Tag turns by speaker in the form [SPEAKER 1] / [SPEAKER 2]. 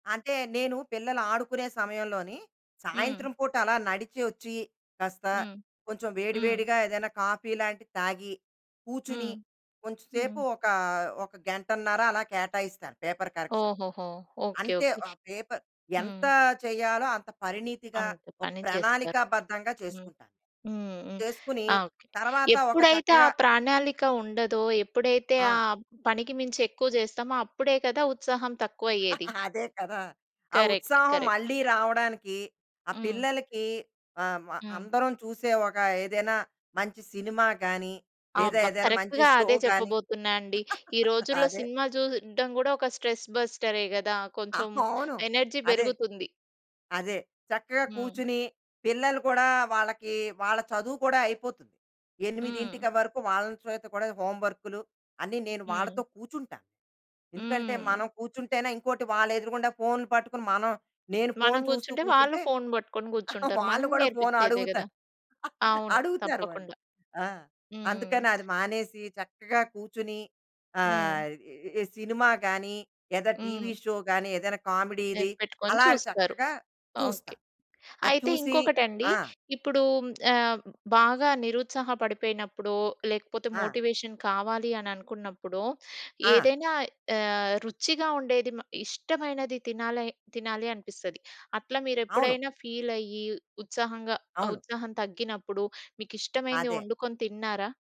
[SPEAKER 1] అంటే, నేను పిల్లలు ఆడుకునే సమయంలో‌‌ని,
[SPEAKER 2] హ్మ్.
[SPEAKER 1] సాయంత్రం పూట అలా నడిచి ఒచ్చి, కాస్త
[SPEAKER 2] హ్మ్.
[SPEAKER 1] కొంచెం
[SPEAKER 2] హ్మ్.
[SPEAKER 1] వేడివేడిగా ఏదైనా కాఫీ లాంటిది తాగి, కూచుని,
[SPEAKER 2] హ్మ్.
[SPEAKER 1] కొంచె సేపు
[SPEAKER 2] హ్మ్.
[SPEAKER 1] ఒక ఒక గంటన్నర అలా కేటాయిస్తాను పేపర్ కరెక్షన్‌కి.
[SPEAKER 2] ఓహోహో! ఓకే.
[SPEAKER 1] అం‌తే.
[SPEAKER 2] ఓకే.
[SPEAKER 1] ఆ పేపర్
[SPEAKER 2] హ్మ్.
[SPEAKER 1] ఎంత చేయాలో అంత పరిణితిగా,
[SPEAKER 2] అంత
[SPEAKER 1] ఒక
[SPEAKER 2] పని చేస్తారు.
[SPEAKER 1] ప్రణాళికాబద్ధంగా
[SPEAKER 2] హ్మ్.
[SPEAKER 1] చేసుకుంటాను.
[SPEAKER 2] హ్మ్. హ్మ్.
[SPEAKER 1] చేసుకుని,
[SPEAKER 2] ఆ! ఓకే.
[SPEAKER 1] తర్వాత ఒక
[SPEAKER 2] ఎప్పుడైతే ఆ
[SPEAKER 1] చక్కగా
[SPEAKER 2] ప్రణాళిక ఉండదో, ఎప్పుడైతే
[SPEAKER 1] ఆ!
[SPEAKER 2] ఆహ్, పనికి మించి ఎక్కువ చేస్తామో అప్పుడే కదా, ఉత్సాహం తక్కువయ్యేది?
[SPEAKER 1] అదే కదా. ఆ
[SPEAKER 2] కరెక్ట్.
[SPEAKER 1] ఉత్సాహం
[SPEAKER 2] కరెక్ట్.
[SPEAKER 1] మళ్ళీ రావడానికి ఆహ్,
[SPEAKER 2] హ్మ్.
[SPEAKER 1] పిల్లలకి ఆహ్, మ
[SPEAKER 2] హ్మ్.
[SPEAKER 1] అందరం చూసే, ఒక ఏదైనా మంచి సినిమా గాని, లేదా
[SPEAKER 2] ఆబ్బ!
[SPEAKER 1] ఏదైనా మంచి
[SPEAKER 2] కరెక్ట్‌గా
[SPEAKER 1] షో
[SPEAKER 2] అదే
[SPEAKER 1] గాని
[SPEAKER 2] చెప్పబోతున్నా అండి. ఈ రోజుల్లో
[SPEAKER 1] అదే.
[SPEAKER 2] సినిమా చూడడం కూడా ఒక స్ట్రెస్ బస్టరే కదా!
[SPEAKER 1] ఆ
[SPEAKER 2] కొంచెం
[SPEAKER 1] ఫోను,
[SPEAKER 2] ఎనర్జీ
[SPEAKER 1] అదే.
[SPEAKER 2] బెరుగుతుంది.
[SPEAKER 1] అదే. చక్కగా
[SPEAKER 2] హ్మ్.
[SPEAKER 1] కూచుని, పిల్లలు కూడా, వాళ్ళకి వాళ్ళ చదువు కూడా అయిపోతుంది.
[SPEAKER 2] హ్మ్.
[SPEAKER 1] 8క వరకు, వాళ్ళని చేత కూడా హోమ్ వర్క్‌లు, అన్నీ నేను వాళ్ళతో
[SPEAKER 2] హ్మ్.
[SPEAKER 1] కూచుంటాను. ఎందుకంటే
[SPEAKER 2] హ్మ్.
[SPEAKER 1] మనం కూచుంటేనే ఇంకోటి వాళ్ళ ఎదురుగుండా ఫోన్‌లు పట్టుకొని మనం నేను ఫోన్
[SPEAKER 2] మనం
[SPEAKER 1] చూస్తూ
[SPEAKER 2] గూచుంటే, వాళ్ళు
[SPEAKER 1] కూచుంటే,
[SPEAKER 2] ఫోన్ బట్టుకొని గూచ్చుంటరు. మనం
[SPEAKER 1] వాళ్ళు కూడా
[SPEAKER 2] నేర్పిచ్చేదే కదా!
[SPEAKER 1] ఫోనడుగుతారు.
[SPEAKER 2] అవును.
[SPEAKER 1] అడుగుతారు వాళ్ళు.
[SPEAKER 2] తప్పకుండా.
[SPEAKER 1] ఆ!
[SPEAKER 2] హ్మ్.
[SPEAKER 1] అందుకనది మానేసి, చక్కగా కూచుని,
[SPEAKER 2] హ్మ్.
[SPEAKER 1] ఆహ్, ఈ ఇ ఇ సినిమా కాని, లేదా
[SPEAKER 2] హ్మ్.
[SPEAKER 1] ఎనిమిదింటికటీవీ షో కాని, ఏదైనా కామెడీది,
[SPEAKER 2] ఎప్ పెట్టుకొని
[SPEAKER 1] అలాగ
[SPEAKER 2] చూస్తారు.
[SPEAKER 1] చక్కగా
[SPEAKER 2] ఓకే.
[SPEAKER 1] చూస్తాం. అది
[SPEAKER 2] అయితే
[SPEAKER 1] చూసి
[SPEAKER 2] ఇంకొకటండి,
[SPEAKER 1] ఆ!
[SPEAKER 2] ఇప్పుడూ హ్మ్, ఆహ్ బాగా నిరుత్సాహ పడిపోయినప్పుడో, లేకపోతే
[SPEAKER 1] ఆ!
[SPEAKER 2] మోటివేషన్ కావాలి అననుకున్నప్పుడో,
[SPEAKER 1] ఆ!
[SPEAKER 2] ఏదైనా ఆహ్! రుచిగా ఉండేది మ ఇష్టమైనది తినా‌లై తినాలి అనిపిస్తది. అట్ల
[SPEAKER 1] అవును.
[SPEAKER 2] మీరెప్పుడైనా ఫీలయ్యి, ఉత్సాహంగా ఆహ్,
[SPEAKER 1] అవును.
[SPEAKER 2] ఉత్సాహం తగ్గినప్పుడు, మీకిష్టమైనది
[SPEAKER 1] అదే.
[SPEAKER 2] వండుకొని తిన్నారా?